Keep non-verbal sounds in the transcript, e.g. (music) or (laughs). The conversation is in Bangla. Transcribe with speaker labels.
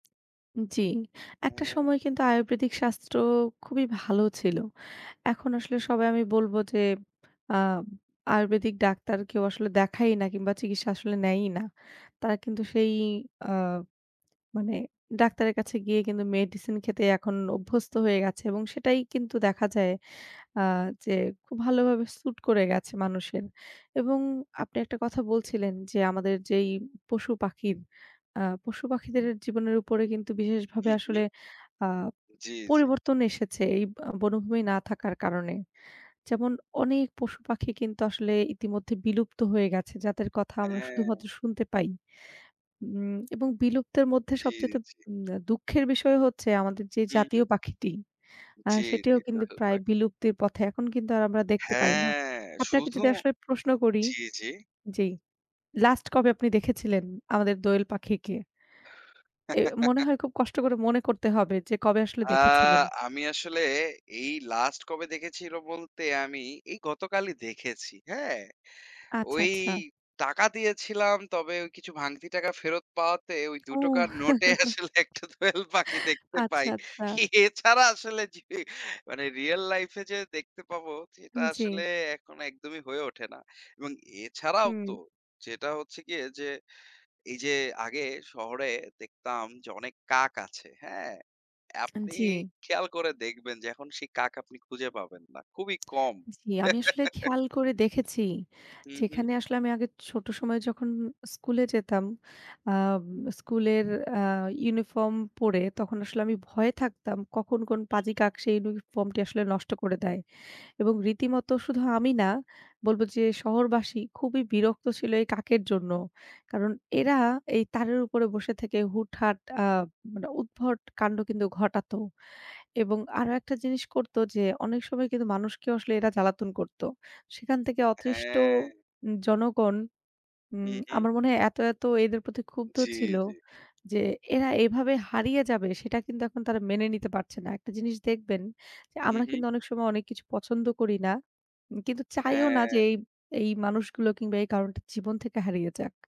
Speaker 1: জ্বি, একটা
Speaker 2: হ্যাঁ।
Speaker 1: সময় কিন্তু আয়ুর্বেদিক শাস্ত্র খুবই ভালো ছিল। এখন আসলে সবাই আমি বলব যে, আম আয়ুর্বেদিক ডাক্তার কেউ আসলে দেখায়ই না কিংবা চিকিৎসা আসলে নেয়ই না। তারা কিন্তু সেই আ মানে ডাক্তারের কাছে গিয়ে কিন্তু মেডিসিন খেতে এখন অভ্যস্ত হয়ে গেছে এবং সেটাই কিন্তু দেখা যায় আ যে খুব ভালোভাবে স্যুট করে গেছে মানুষের এবং আপনি ১ টা কথা বলছিলেন যে, আমাদের যেই পশু-পাখির আ পশু-পাখিদের জীবনের উপরে কিন্তু বিশেষভাবে
Speaker 2: হু, হু।
Speaker 1: আসলে আ
Speaker 2: জ্বি, জ্বি।
Speaker 1: পরিবর্তন এসেছে এই ব বনভূমি না থাকার কারণে। যেমন, অনেক পশুপাখি কিন্তু আসলে ইতিমধ্যে বিলুপ্ত হয়ে গেছে যাদের কথা আমরা
Speaker 2: হ্যাঁ।
Speaker 1: শুধুমাত্র শুনতে পাই। উম এবং বিলুপ্তের মধ্যে
Speaker 2: জী,
Speaker 1: সবচাইতে
Speaker 2: জী।
Speaker 1: উম আ দুঃখের বিষয় হচ্ছে আমাদের যে
Speaker 2: হু, হু।
Speaker 1: জাতীয় পাখিটি আ
Speaker 2: জ্বী,
Speaker 1: সেটিও
Speaker 2: জ্বী তো
Speaker 1: কিন্তু প্রায়
Speaker 2: হেল্পায়।
Speaker 1: বিলুপ্তির পথে। এখন কিন্তু আমরা দেখতে পাই না।
Speaker 2: হ্যাঁ,
Speaker 1: আপনাকে
Speaker 2: শুধু
Speaker 1: যদি আসলে প্রশ্ন করি
Speaker 2: জ্বি, জ্বি।
Speaker 1: জি লাস্ট কবে আপনি দেখেছিলেন আমাদের দোয়েল পাখিকে? এ মনে
Speaker 2: (giggles)
Speaker 1: হয় খুব কষ্ট করে মনে করতে হবে যে কবে আসলে
Speaker 2: আ
Speaker 1: দেখেছিলেন?
Speaker 2: আমি আসলে এই লাস্ট কবে দেখেছিল বলতে আমি এই গতকালই দেখেছি হ্যাঁ?
Speaker 1: আচ্ছা,
Speaker 2: ওই
Speaker 1: আচ্ছা।
Speaker 2: টাকা দিয়েছিলাম তবে ও কিছু ভাঙতি টাকা ফেরত পাওয়াতে ওই ২
Speaker 1: ও।
Speaker 2: টাকার নোটে
Speaker 1: (laughs)
Speaker 2: আসলে ১ টা দোয়েল পাখি দেখতে পাই।
Speaker 1: আচ্ছা, আচ্ছা।
Speaker 2: এছাড়া আসলে জি, মানে রিয়াল লাইফ এ যে দেখতে পাবো সেটা আসলে
Speaker 1: জ্বি।
Speaker 2: এখনো একদমই হয়ে ওঠে না। এবং এছাড়াও
Speaker 1: হুম।
Speaker 2: তো যেটা হচ্ছে গিয়ে যে, এই যে আগে শহরে দেখতাম যে অনেক কাক আছে হ্যাঁ?
Speaker 1: আন
Speaker 2: আপনি
Speaker 1: জ্বি।
Speaker 2: খেয়াল করে দেখবেন যে, এখন সেই কাক আপনি খুঁজে পাবেন না। খুবই কম।
Speaker 1: জি, আমি আসলে
Speaker 2: (giggles)
Speaker 1: খেয়াল করে দেখেছি,
Speaker 2: হু, হু।
Speaker 1: যেখানে আসলে আমি আগে ছোট সময়ে যখন স্কুলে যেতাম আম স্কুলের আ ইউনিফর্ম পরে তখন আসলে আমি ভয়ে থাকতাম কখন কোন পাজি কাক সেই ইউনিফর্ম টি আসলে নষ্ট করে দেয় এবং রীতিমত শুধু আমি না, বলব যে শহরবাসী খুবই বিরক্ত ছিল এই কাকের জন্য। কারণ এরা এই তারের উপরে বসে থেকে হুটহাট আ মানে উদ্ভট কান্ড কিন্তু ঘটাতো এবং আরো ১ টা জিনিস করত যে, অনেক সময় কিন্তু মানুষকেও আসলে এরা জ্বালাতন করত। সেখান থেকে অতৃষ্ট
Speaker 2: হ্যাঁ।
Speaker 1: জনগণ
Speaker 2: হু,
Speaker 1: উম
Speaker 2: হু।
Speaker 1: আমার মনে হয় এত, এত এদের প্রতি ক্ষুব্ধ
Speaker 2: জ্বি,
Speaker 1: ছিল
Speaker 2: জ্বি।
Speaker 1: যে এরা এভাবে হারিয়ে যাবে সেটা কিন্তু এখন তারা মেনে নিতে পারছে না। একটা জিনিস দেখবেন যে
Speaker 2: হু,
Speaker 1: আমরা
Speaker 2: হু।
Speaker 1: কিন্তু অনেক সময় অনেক কিছু পছন্দ করি না। উম কিন্তু চাইও না যে
Speaker 2: হ্যাঁ।
Speaker 1: এই, এই মানুষগুলো কিংবা এই কারণটা জীবন থেকে হারিয়ে যাক।